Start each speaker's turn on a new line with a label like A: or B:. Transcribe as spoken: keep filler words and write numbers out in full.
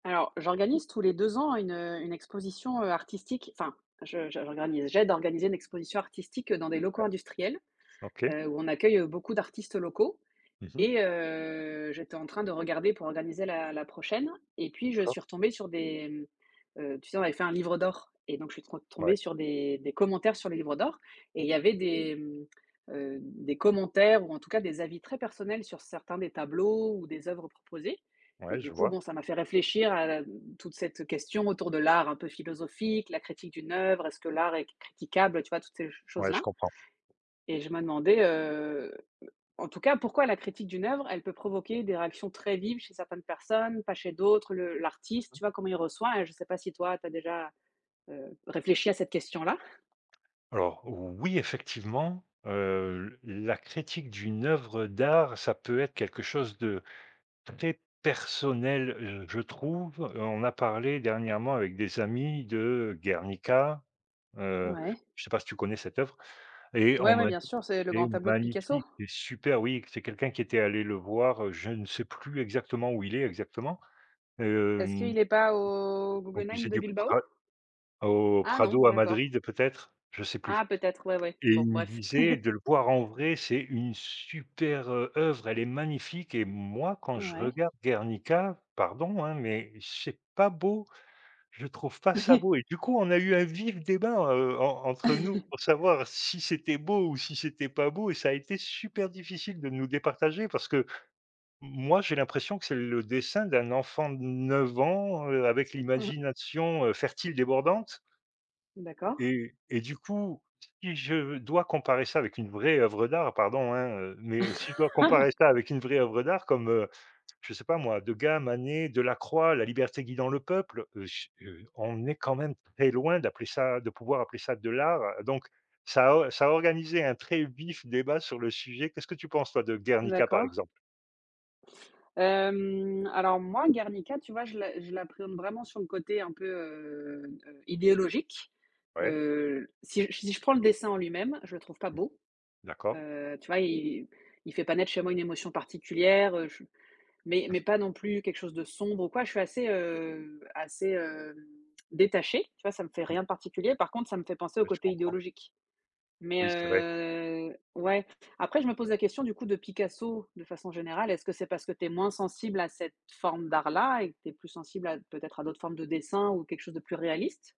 A: Alors j'organise tous les deux ans une, heu, une exposition, heu, artistique, enfin, je je j'organise, j'aide d'organiser une exposition artistique dans des
B: Ouais,
A: locaux industriels,
B: OK.
A: heu, où on accueille, heu, beaucoup d'artistes locaux,
B: Mmh mh.
A: et heu, j'étais en train de regarder pour organiser la la prochaine, et puis je
B: D'accord.
A: suis retombée sur des, mmh, heu, tu sais on avait fait un livre d'or et donc je suis tro
B: Ouais.
A: tombée sur des des commentaires sur le livre d'or et il y avait des, mmh, heu, des commentaires ou en tout cas des avis très personnels sur certains des tableaux ou des oeuvres proposées, et
B: Ouais,
A: du
B: je
A: coup,
B: vois.
A: bon, ça m'a fait réfléchir à la m toute cette question autour de l'art un peu philosophique, la critique d'une oeuvre, est-ce que l'art est critiquable? Heu, tu vois? Toutes ces ch
B: Ouais, je
A: choses-là.
B: comprends.
A: Et je me demandais, heu heu, en tout cas pourquoi la critique d'une oeuvre elle peut provoquer des réactions très vives chez certaines personnes, pas chez d'autres, le
B: Mmh
A: l'artiste?
B: mh.
A: Tu vois? Comment il reçoit, hein? Je sais pas si toi tu as déjà, heu, réfléchi à cette question-là.
B: Alors oui, effectivement, heu, l la critique d'une oeuvre d'art, ça peut être quelque chose de très personnel, je je trouve. On a parlé dernièrement avec des amis de Guernica. Heu,
A: Ouais.
B: je sais pas si tu connais cette oeuvre? Et on
A: Ouais, ouais,
B: m'a
A: bien
B: dit:
A: sûr, c'est le
B: «C'est
A: grand tableau de Picasso?
B: magnifique, c'est super» oui, c'est quelqu'un qui était allé le voir, heu, je ne sais plus exactement, où il est exactement,
A: Est-ce
B: hem
A: qu'il est pas au
B: au
A: Guggenheim
B: musée
A: de
B: du
A: Bilbao?
B: Pra au
A: Ah non,
B: Prado à
A: d'accord.
B: Madrid peut-être, je sais plus,
A: Ah, peut-être ouais, ouais,
B: et il
A: bon,
B: me
A: bref.
B: disait de le voir en vrai, c'est une super, heu, œuvre, elle est magnifique, et moi, quand je
A: Ouais.
B: regarde Guernica, pardon, hein, mais c'est pas beau, je trouve pas ça beau, et du coup, on a eu un vif débat, heu, en entre nous pour savoir si c'était beau ou si c'était pas beau, et ça a été super difficile de nous départager parce que, moi, j'ai l'impression que c'est le dessin d'un enfant de neuf ans, heu, avec
A: Mmh mh.
B: l'imagination, heu, fertile débordante.
A: D'accord.
B: Et et du coup, si je dois comparer ça avec une vraie oeuvre d'art, pardon, hein, heu, mais si je dois comparer ça avec une vraie oeuvre d'art comme, heu, je sais pas moi, Degas, Manet, Delacroix, La liberté guidant le peuple, heu, j heu, on est quand même très loin d'appeler ça de pouvoir appeler ça de l'art, donc ça a ça a organisé un très vif débat sur le sujet. Qu'est-ce que tu penses toi de Guernica, par
A: D'accord.
B: exemple?
A: Hem, alors moi, Garnica, tu vois, je la je l'appréhende vraiment sur le côté un peu, heu, heu, idéologique.
B: Ouais.
A: Heu, si j si je prends le dessin en lui même, je le trouve pas
B: Mmh.
A: beau,
B: D'accord.
A: heu, tu vois? Il il fait pas naître chez moi une émotion particulière, heu, je mais
B: Mmh.
A: mais pas non plus quelque chose de sombre ou quoi. Je suis assez, heu, assez, heu, détachée, tu vois? Ça me fait
B: Mmh.
A: rien de particulier. Par contre, ça me fait penser au
B: Ouais, je
A: côté
B: comprends.
A: idéologique, mais
B: Oui, c'est vrai.
A: heu ouais, après, je me pose la question du coup de Picasso, de façon générale: «Est ce que c'est parce que tu es moins sensible à cette forme d'art là et que tu es plus sensible à, peut être, à d'autres formes de dessin ou quelque chose de plus réaliste?»